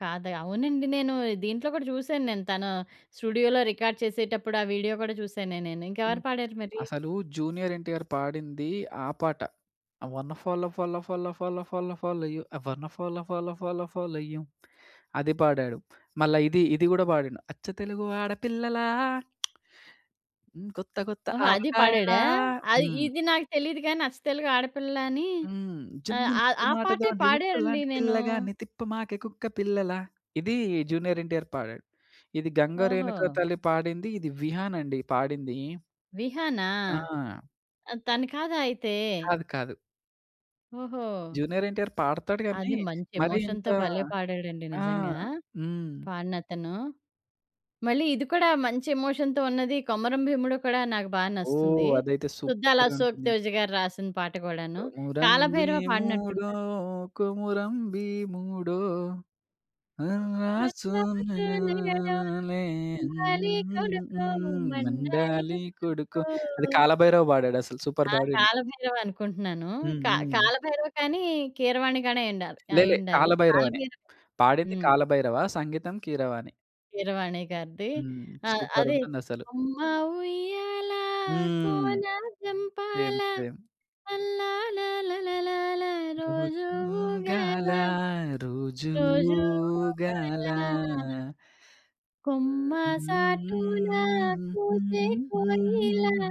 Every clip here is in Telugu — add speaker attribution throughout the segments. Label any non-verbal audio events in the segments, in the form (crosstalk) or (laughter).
Speaker 1: కాదె అవునండి. నేను దీంట్లో కూడా చూసాను. నేను తను స్టూడియోలో రికార్డ్ చేసేటప్పుడు ఆ వీడియో కూడా చూసానే నేను.
Speaker 2: హ్మ్.
Speaker 1: ఇంకెవరు పాడారు మరి?
Speaker 2: అసలు 'జూనియర్ ఎన్టీఆర్' పాడింది ఆ పాట. 'Uh wanna follow follow follow follow follow follow you I wanna follow follow follow follow you' అది పాడాడు. మళ్ళా ఇది, ఇది కూడా పాడిండు. 'అచ్చ తెలుగు ఆడపిల్లలా. (clicks tongue) హ్మ్. కొత్త కొత్త
Speaker 1: ఓహో! అది పాడాడా?
Speaker 2: ఆవకాయలా.'
Speaker 1: ఆహ్,
Speaker 2: హ్మ్.
Speaker 1: ఇది నాకు తెలీదు గాని అచ్చ తెలుగు ఆడపిల్ల అని
Speaker 2: హ్మ్.
Speaker 1: ఆహ్,
Speaker 2: 'జున్ను
Speaker 1: ఆహ్,
Speaker 2: ముక్క
Speaker 1: ఆ పాటే
Speaker 2: మాటతోటి ఉక్కు
Speaker 1: పాడనండి
Speaker 2: లాంటి
Speaker 1: నేను.
Speaker 2: పిల్లగాన్ని తిప్పమాకే కుక్క పిల్లలా.' ఇది 'జూనియర్ ఎన్టీఆర్' పాడాడు. ఇది 'గంగ రేణుక
Speaker 1: ఓహో!
Speaker 2: తల్లి' పాడింది. ఇది 'విహాన్' అండి పాడింది.
Speaker 1: విహానా?
Speaker 2: ఆ!
Speaker 1: ఆహ్, తను కాదా అయితే?
Speaker 2: కాదు, కాదు.
Speaker 1: ఓహో!
Speaker 2: జూనియర్ ఎన్టీఆర్ పాడతాడు గాని,
Speaker 1: అది మంచి
Speaker 2: మరి ఇంత
Speaker 1: ఎమోషన్‌తో భలే పాడాడండి.
Speaker 2: ఆ!
Speaker 1: నిజంగా!
Speaker 2: హ్మ్.
Speaker 1: పాడినతను. మళ్ళి ఇది కూడా మంచి ఎమోషన్‌తో ఉన్నది. కొమరం భీముడో కూడా నాకు బాగా
Speaker 2: ఓహ్!
Speaker 1: నస్తుంది.
Speaker 2: అదైతే
Speaker 1: 'సుద్దాల అశోక్
Speaker 2: సూపరుంటుంది.
Speaker 1: తేజ' గారు రాసిన పాట కూడాను.
Speaker 2: కొమురం
Speaker 1: 'కాలభైరవ'
Speaker 2: భీముడో,
Speaker 1: పాడినట్టున్నారు.
Speaker 2: కొమురం భీముడో. నరాసు
Speaker 1: 'కొర్రసు నెగడోలే
Speaker 2: మె (humming) ఉ
Speaker 1: మండాలి
Speaker 2: ఉ ఉ
Speaker 1: కొడుకో,
Speaker 2: ఊహ్మ్
Speaker 1: మండాలి
Speaker 2: మండాలి కొడుకు
Speaker 1: కొడుకో.'
Speaker 2: అది కాలభైరవ పాడాడు అసల. సూపర్
Speaker 1: ఆ!
Speaker 2: పాడిండు.
Speaker 1: 'కాలభైరవ' అనుకుంటున్నాను.
Speaker 2: హ్మ్,
Speaker 1: క
Speaker 2: హ్మ్.
Speaker 1: కాలభైరవ కానీ, కీరవాణి గానీ అయ్యుండాలి
Speaker 2: లేలే.
Speaker 1: అయ్యుండాలి.
Speaker 2: కాలభైరవనే.
Speaker 1: కాలబైరవ
Speaker 2: పాడింది
Speaker 1: హ్మ్.
Speaker 2: కాలభైరవ. సంగీతం కీరవాణి.
Speaker 1: కీరవాణి గారిది.
Speaker 2: హ్మ్.
Speaker 1: ఆహ్, అది
Speaker 2: సూపరుంటుంది అసలు.
Speaker 1: 'అమ్మ ఉయ్యాలా
Speaker 2: హ్మ్.
Speaker 1: కోన
Speaker 2: సేమ్,
Speaker 1: జంపాల.
Speaker 2: సేమ్.
Speaker 1: లల్లాల లలలాల రోజు
Speaker 2: 'రోజూగాల
Speaker 1: ఊగాలా,
Speaker 2: రోజూ
Speaker 1: రోజు
Speaker 2: ఊగాల.'
Speaker 1: ఊగాలా.'
Speaker 2: ఉ ఊ
Speaker 1: 'కొమ్మ సాటున
Speaker 2: ఊ ఊ
Speaker 1: కూసే కోయిలా'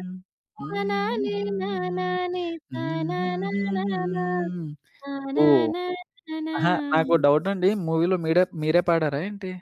Speaker 2: ఊహ్మ్ ఉహూ ఉహుహుహూ
Speaker 1: తానానే
Speaker 2: ఉఉమ్ఉఉమ్
Speaker 1: నానానే
Speaker 2: ఊహూహూహూ
Speaker 1: తానానానానా
Speaker 2: హ్మ్ ఓహ్!
Speaker 1: తనానానానా.
Speaker 2: అహా! నాకో డవుటండి. మూవీలో మీడే మీరే పాడారా ఏంటి?